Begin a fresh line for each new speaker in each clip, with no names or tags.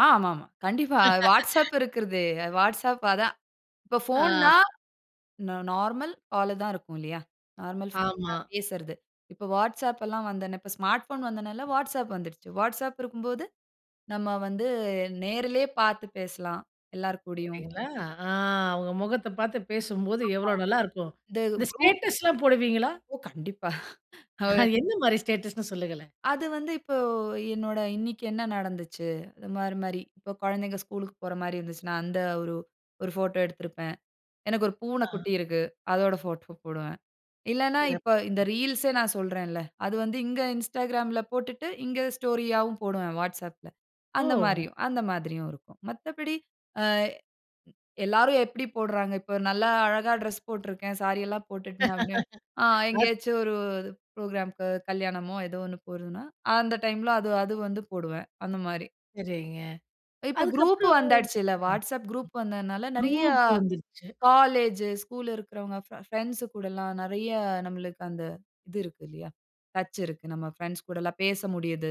ஆ, ஆமா ஆமா. கண்டிப்பா. WhatsApp இருக்கறது. WhatsApp அதான். இப்போ
ஆ.
போன்னா நார்மல் கால் தான் இருக்கும் இல்லையா. நார்மல்
ஆமா.
[unintelligible] பேசுறது. இப்போ WhatsApp எல்லாம் வந்த உடனே ஸ்மார்ட் போன் வந்தநல WhatsApp வந்துடுச்சு. வாட்ஸ்அப் இருக்கும்போது நம்ம வந்து நேர்லயே பார்த்து பேசலாம் எல்லார் கூடயும்.
பார்த்தீங்களா, அ அவங்க முகத்த பார்த்து பேசும்போது
ஆமா
எவ்வளோ நல்லாயிருக்கும்.
இந்த
இந்த
குரூப்
ஸ்டேட்டஸ்லாம் போடுவீங்களா?
ஓ! கண்டிப்பா. அவர்
அது எந்த மாதிரி ஸ்டேட்டஸ்னு சொல்லுங்களேன்.
அது வந்து இப்போ என்னோட இன்னைக்கு என்ன நடந்துச்சு. அது மாரி மாரி இப்போ குழந்தைகள் ஸ்கூல்க்கு போற மாரி இருந்துச்சுன்னா, அந்த ஒரு ஒரு போட்டோ எடுத்திருப்பேன். எனக்கு ஒரு பூனை
ஆ.
குட்டி இருக்கு. அதோட போட்டோ போடுவேன். இல்லன்னா இப்ப இந்த
சிறப்பு.
ரீல்ஸ்ஏ நான் சொல்றேன் இல்ல. அது வந்து இங்க Instagramல போட்டுட்டு இங்க ஸ்டோரி ஆவும் போடுவேன். WhatsAppல அந்த
ஓ!
மாரியும், அந்த மாரியும் இருக்கும். மத்தபடி அ எல்லாரும் எப்படி போடுறாங்க. இப்போ நல்லா அழகா டிரெஸ் போட்டு இருக்கேன். சாரி எல்லாம் போட்டுட்டு. ஆ
அத்
எங்கயாச்சு ஒரு புரோகிராம்க்கு கல்யாணமோ ஏதோ ஒன்னு போறதுன்னா, அந்த டைம்ல அது அது வந்து போடுவேன். அந்த மாரி.
சரிங்க
இப்போ குரூப்
அதுக்கப்புறம்.
வந்தாச்சுல்ல.
ஆ.
WhatsApp குரூப் வந்ததனால நிறைய
குரூப் வந்துருச்சு.
காலேஜ், ஸ்கூல் இருக்கறவங்க ப் பிரெண்ட்ஸ் கூடல்லாம் நிறைய நம்மளுக்கு அந்த இது இருக்கிறது இல்லையா? டச் இருக்கு. நம்ம பிரெண்ட்ஸ் கூட எல்லாம் பேச முடியுது.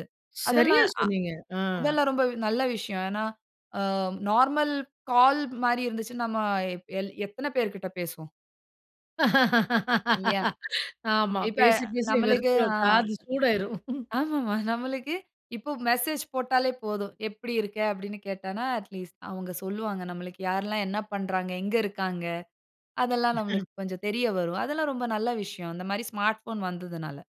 சரியா
அதெல்லாம் ஆ
சொன்னீங்க. அ.
அதெல்லாம் ரொம்ப நல்ல விஷயம். ஏன்னா அ நார்மல் கால் மாரி இருந்துச்சுன்னா நாம எத்தனை பேர்கிட்ட பேசுவோம். இல்லையா
ஆமா.
இப்ப
பேசி பேசி
நம்மளுக்கு அ
வெறுத்துடும் காது சூடாயிரும்.
ஆமாமா நம்மளுக்கு இப்போ மெசேஜ் போட்டாலே போதும். எப்படி இருக்க அப்படின்னு கேட்டன்னா அட் லீஸ்ட் அவங்க சொல்லுவாங்க நமக்கு யார்லாம் என்ன பண்ணுறாங்க எங்க இருக்காங்க. அதெல்லாம்
[unintelligible]
நமக்கு கொஞ்சம் தெரிய வரும். அதெல்லாம் ரொம்ப நல்ல விஷயம். அந்த மாதிரி ஸ்மார்ட் போன் வந்ததனால.